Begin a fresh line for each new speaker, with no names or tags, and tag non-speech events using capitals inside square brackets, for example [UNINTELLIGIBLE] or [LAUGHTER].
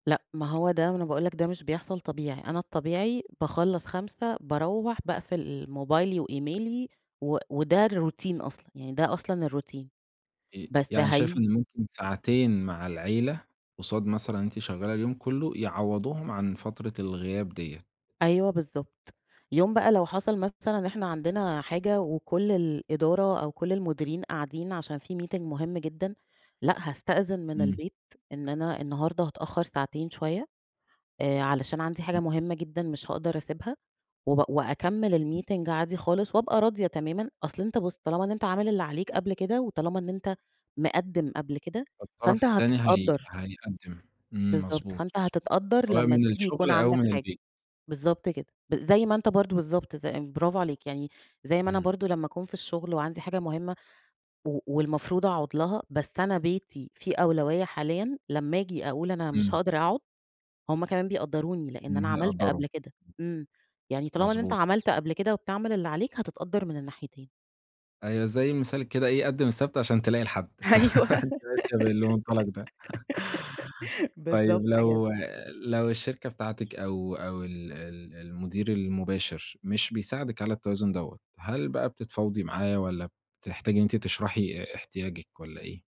لأ، ما هو ده ما أنا باقول لك ده مش بيحصل طبيعي، أنا الطبيعي باخلص 17:00 باروح باقفل موبايلي وإيميلي و وده الروتين أصلًا يعني ده أصلًا الروتين،
ي
بس
يعني شايفة
هاي
إن ممكن ساعتين مع العيلة، قصاد مثلًا إن أنتِ شغالة اليوم كله يعوضوهم عن فترة الغياب دية؟
أيوه بالضبط، يوم بقى لو حصل مثلًا إن إحنا عندنا حاجة وكل الإدارة أو كل المديرين قاعدين عشان في meeting مهم جدًا، لأ هاستأذن من
إمم.
البيت إن أنا النهارده هاتأخر ساعتين شوية، آآ، علشان عندي حاجة
[UNINTELLIGIBLE]
مهمّة جدًا مش هاقدر أسيبها، و وأكمل الmeeting
[UNINTELLIGIBLE]
عادي خالص، وأبقى راضية تمامًا. أصل أنت بُص، طالما أنت عامل اللي عليك قبل كده، وطالما إن أنت مقدم قبل كده،
الطرف
فأنت
التاني هي
هتتقدر.
هيقدم، إمم،
بالضبط
مضبوط،
فأنت
مضبوط،
هتتقدر
سواء
لما
من
تيجي
الشغل
يكون
أو
عندك
من
حاجة
البيت.
بالضبط كده، زي ما أنت برضو بالضبط ز برافو عليك، يعني زي ما أنا
إمم.
برضو لما أكون في الشغل وعندي حاجة مهمة و والمفروض أقعد لها بس أنا بيتي في أولوية حاليًا لما آجي أقول أنا مش
إمم.
هاقدر أقعد هم كمان بيقدروني، لإن أنا عملت
وهيقدروا.
قبل كده إمم، يعني طالما إن أنت
مضبوط.
عملت قبل كده وبتعمل اللي عليك هتتقدر من الناحيتين.
أيوه، زي مثال كده إيه قدم السبت عشان تلاقي الحد،
أيوه
[LAUGHS] أنتِ ماشية بالمنطلق ده.
[LAUGHS]
[LAUGHS] طيب،
بالضبط
لو
كده.
لو الشركة بتاعتك أو أو ال ال المدير المباشر مش بيساعدك على التوازن دَوّة، هل بقى بتتفاوضي معاه، والّا بتحتاجي إن أنتِ تشرحي احتياجِك، والّا إيه؟